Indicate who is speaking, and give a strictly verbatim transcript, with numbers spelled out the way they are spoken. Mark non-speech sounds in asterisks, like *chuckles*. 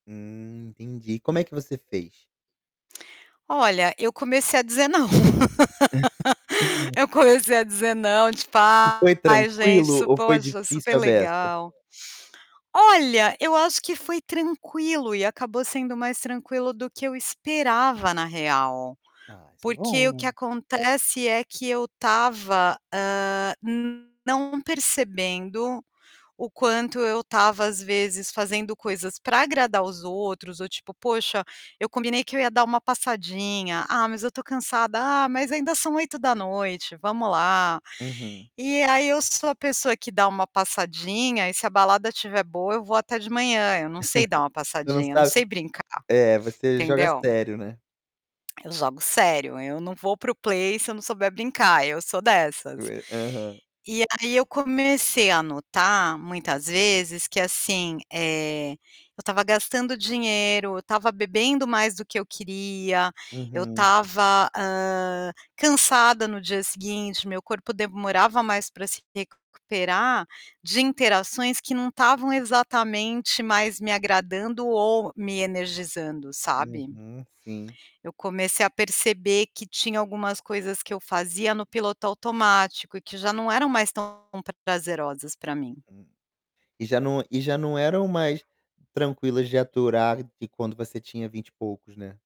Speaker 1: Hum. Entendi, como é que você fez?
Speaker 2: Olha, eu comecei a dizer "não". *laughs*
Speaker 1: *unintelligible*
Speaker 2: Eu comecei a dizer "não", tipo:
Speaker 1: E foi
Speaker 2: "Ai gente,
Speaker 1: tranquilo
Speaker 2: isso
Speaker 1: ou foi
Speaker 2: poxa, super
Speaker 1: difícil a beça?
Speaker 2: legal". Olha, eu acho que foi tranquilo e acabou sendo mais tranquilo do que eu esperava, na real.
Speaker 1: Ah, isso é
Speaker 2: Porque o
Speaker 1: bom,
Speaker 2: que
Speaker 1: né.
Speaker 2: acontece é que eu estava, hã, não percebendo o quanto eu estava, às vezes, fazendo coisas para agradar os outros ou tipo: "Poxa, eu combinei que eu ia dar uma passadinha. 'Ah, mas eu estou cansada.' Ah mas ainda são oito da noite, vamos lá".
Speaker 1: Uhum.
Speaker 2: E aí, eu sou a pessoa que dá uma passadinha e se a balada estiver boa eu vou até de manhã, eu não sei dar uma
Speaker 1: *chuckles* Tu não
Speaker 2: passadinha, eu não
Speaker 1: sabe
Speaker 2: sei brincar,
Speaker 1: eh, você joga
Speaker 2: entendeu?
Speaker 1: sério, né?
Speaker 2: Eu jogo sério, eu não vou para o play, se eu não souber brincar, eu sou dessas.
Speaker 1: Eu e Aham.
Speaker 2: E aí eu comecei a notar muitas vezes que, assim, eh, eu estava gastando dinheiro, eu estava bebendo mais do que eu queria, eu
Speaker 1: Uhum.
Speaker 2: estava, hã, cansada no dia seguinte, meu corpo demorava mais para se recuperar de interações que não estavam exatamente mais me agradando ou me energizando, sabe.
Speaker 1: Uhum, sim.
Speaker 2: Eu comecei a perceber que tinha algumas coisas que eu fazia no piloto automático e que já não eram mais tão prazerosas para mim.
Speaker 1: Uhum. E já não e já não eram mais tranquilas de aturar de quando você tinha vinte e poucos, né?